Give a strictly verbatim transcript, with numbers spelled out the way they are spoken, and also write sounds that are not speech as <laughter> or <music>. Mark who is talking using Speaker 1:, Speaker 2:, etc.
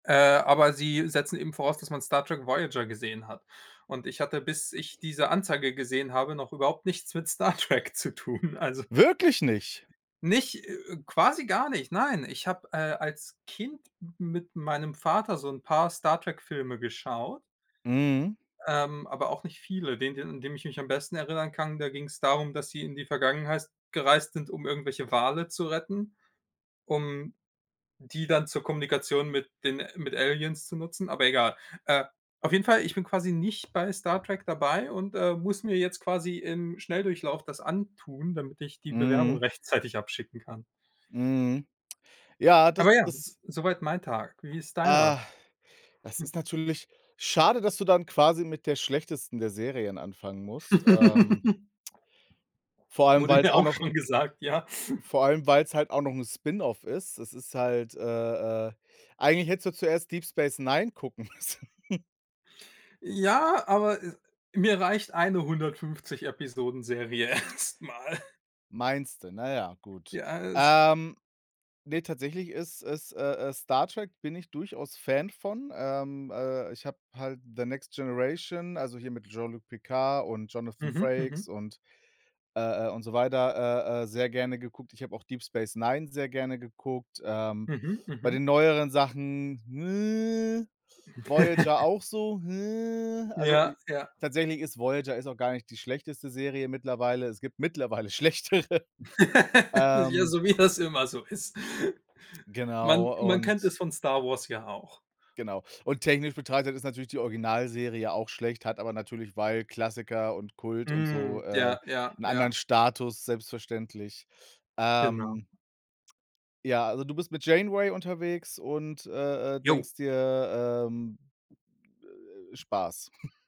Speaker 1: Äh, aber sie setzen eben voraus, dass man Star Trek Voyager gesehen hat, und ich hatte, bis ich diese Anzeige gesehen habe, noch überhaupt nichts mit Star Trek zu tun. Also
Speaker 2: Wirklich nicht.
Speaker 1: nicht äh, äh, quasi gar nicht, nein. Ich habe, äh, als Kind m mit meinem Vater so 'n paar Star-Trek-Filme geschaut
Speaker 2: Mhm.
Speaker 1: ähm, aber auch nicht viele. Den den, an den ich mich am besten erinnern kann, da ging's darum, dass sie in die Vergangenheist gereist sind, um irgendwelche Wale zu retten, um die dann zur Kommunikation mit den mit Aliens zu nutzen, aber egal. Äh, auf jeden Fall, ich bin quasi nicht bei Star Trek dabei und, äh, muss mir jetzt quasi im Schnelldurchlauf das antun, damit ich die Bewerbung
Speaker 2: Mhm.
Speaker 1: rechtzeitig abschicken kann.
Speaker 2: Mhm. Ja, das
Speaker 1: Aber ja, s
Speaker 2: das
Speaker 1: soweit mein Tag. Wie ist
Speaker 2: Ah,
Speaker 1: deiner?
Speaker 2: das
Speaker 1: <snorts>
Speaker 2: ist natürlich schade, dass du dann quasi mit der schlechtesten der Serien anfangen musst. Ähm
Speaker 1: <laughs>
Speaker 2: vor allem,
Speaker 1: Wurde
Speaker 2: weil's
Speaker 1: mir
Speaker 2: auch
Speaker 1: auch
Speaker 2: noch
Speaker 1: schon gesagt, ja. <snorts>
Speaker 2: vor allem, weil's halt auch noch 'n Spin-off ist. Es ist halt äh, äh, eigentlich hättest du zuerst Deep Space Nine gucken müssen. <chuckles>
Speaker 1: Ja, aber, äh, mir reicht eine hundertfünfzig Episoden-Serie erst mal.
Speaker 2: Meinst du? Na ja, gut,
Speaker 1: Ja, es
Speaker 2: ähm, ne, tatsächlich ist ist äh, äh, Star Trek, bin ich durchaus Fan von, ähm, äh, ich habe halt The Next Generation, also hier mit Jean-Luc Picard und Jonathan
Speaker 1: Mhm. Mhm.
Speaker 2: Frakes und äh, äh, und so weiter, äh, äh, sehr gerne geguckt. Ich habe auch Deep Space Nine sehr gerne geguckt. Ähm,
Speaker 1: Mhm.
Speaker 2: bei
Speaker 1: Mhm.
Speaker 2: den neueren Sachen, Voyager
Speaker 1: <chuckles>
Speaker 2: auch so, also
Speaker 1: Ja,
Speaker 2: i
Speaker 1: ja.
Speaker 2: tatsächlich ist Voyager ist auch gar nicht die schlechteste Serie mittlerweile es gibt mittlerweile schlechtere,
Speaker 1: <laughs> Ja,
Speaker 2: ähm
Speaker 1: so wie das immer so ist. Man
Speaker 2: Genau,
Speaker 1: man kennt
Speaker 2: und
Speaker 1: es von Star Wars ja auch.
Speaker 2: Genau, und technisch betrachtet ist natürlich die Originalserie auch schlecht, hat aber natürlich, weil Klassiker und Kult und so,
Speaker 1: Hm,
Speaker 2: äh,
Speaker 1: ja, ja,
Speaker 2: 'n anderen
Speaker 1: ja.
Speaker 2: Status selbstverständlich,
Speaker 1: Genau.
Speaker 2: ähm. Ja, also du bist mit Janeway unterwegs und, äh, äh,
Speaker 1: Jo.
Speaker 2: denkst dir, ähm, äh, Spaß. <snorts>